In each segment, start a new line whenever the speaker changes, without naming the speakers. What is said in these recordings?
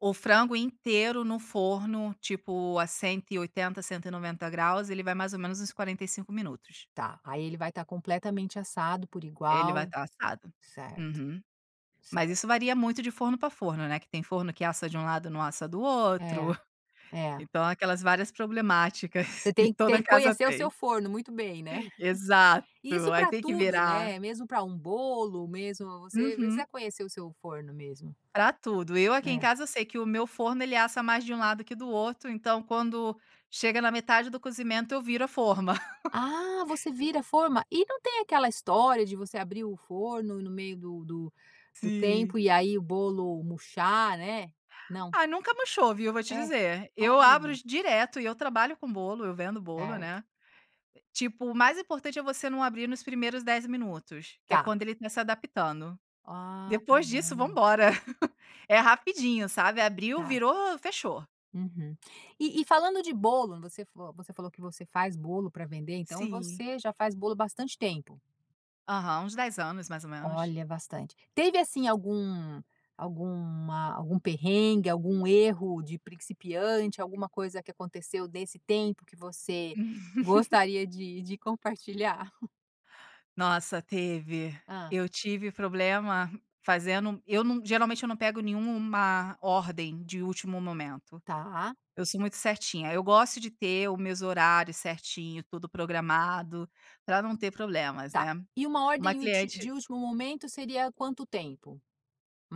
O frango inteiro no forno, tipo, a 180, 190 graus, ele vai mais ou menos uns 45 minutos.
Tá, aí ele vai tá completamente assado por
Ele vai
igual.
tá assado.
Certo.
Uhum. Mas isso
Certo.
varia muito de forno pra forno, né, que tem forno que assa de um lado, não assa do
É.
outro.
É.
Então, aquelas várias problemáticas
Você
que
tem tem
toda
que
casa
conhecer o seu
tem.
forno muito bem, né?
Exato.
E isso
Aí,
pra
tem que
tudo,
virar.
né, mesmo para um bolo, mesmo você precisa
Uhum.
conhecer o seu forno mesmo,
Pra tudo, eu aqui em
né.
casa sei que o meu forno, ele assa mais de um lado que do outro, então, quando chega na metade do cozimento, eu viro a forma.
Ah! Você vira a forma? E não tem aquela história de você abrir o forno no meio do do do
Sim.
tempo e aí, o bolo murchar, né? Não.
Ah, nunca murchou, viu? Vou te
É.
dizer, eu
Olha.
abro direto e eu trabalho com bolo, eu vendo bolo,
Certo.
né. Tipo, o mais importante é você não abrir nos primeiros 10 minutos, que é
Tá.
quando ele começa adaptando.
Ah, tá
Depois disso
bom.
vambora. É rapidinho, sabe, abriu,
Tá.
virou, fechou.
Uhum. E e falando de bolo, você vo você falou que você faz bolo pra vender, então,
Sim.
você já faz bolo bastante tempo?
Aham. Uns 10 anos mais ou menos.
Olha, bastante. Teve assim algum alguma algum perrengue? Algum erro de principiante? Alguma coisa que aconteceu desse tempo que você gostaria de de compartilhar?
Nossa! Teve.
Hã.
Eu tive problema fazendo eu não geralmente eu não pego nenhuma ordem de último momento,
Tá.
eu sou muito certinha, eu gosto de ter o meus horários certinho, tudo programado, pra não ter problemas,
Tá.
né.
E uma
Uma
ordem ulti
cliente
de último momento, seria quanto tempo?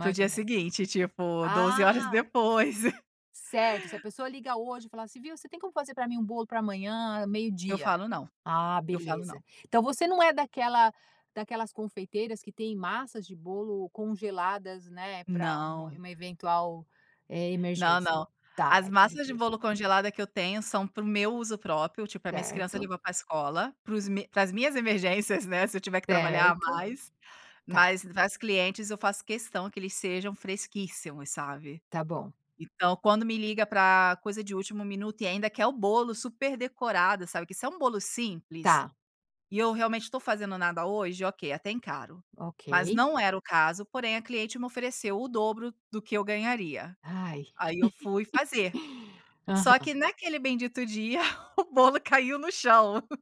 Para o
ou
dia
menos.
seguinte, tipo, 12 horas
Ah!
depois.
Certo, se a pessoa liga hoje e fala assim: "Você tem como fazer pra mim, um bolo pra amanhã,
Eu
meio-dia?".
falo não.
Ah,
Eu falo
beleza.
não.
Então, você não é daquela daquelas confeiteiras que têm massas de bolo congeladas, né, para um
Não.
uma eventual, eh,
Não,
emergência?
não.
Tá,
As
é tudo
massas de
fresco.
bolo congelada que eu tenho, são para o meu uso próprio, tipo, para minhas criança
Certo.
levar para escola, para os para as minhas emergências, né, se eu tiver que trabalhar a
Certo.
mais,
Tá.
mas para as clientes, eu faço questão que eles sejam fresquíssimos, sabe?
Tá bom.
Então, quando me liga para coisa de último minuto e ainda quer o bolo super decorado, sabe. Que se é um bolo simples
Tá.
e eu realmente tô fazendo nada hoje, ok, até encaro. Mas
Ok.
não era o caso, porém a cliente me ofereceu o dobro do que eu ganharia.
Ai.
Aí, eu fui fazer. Só que
Aham.
naquele bendito dia, o bolo caiu no chão.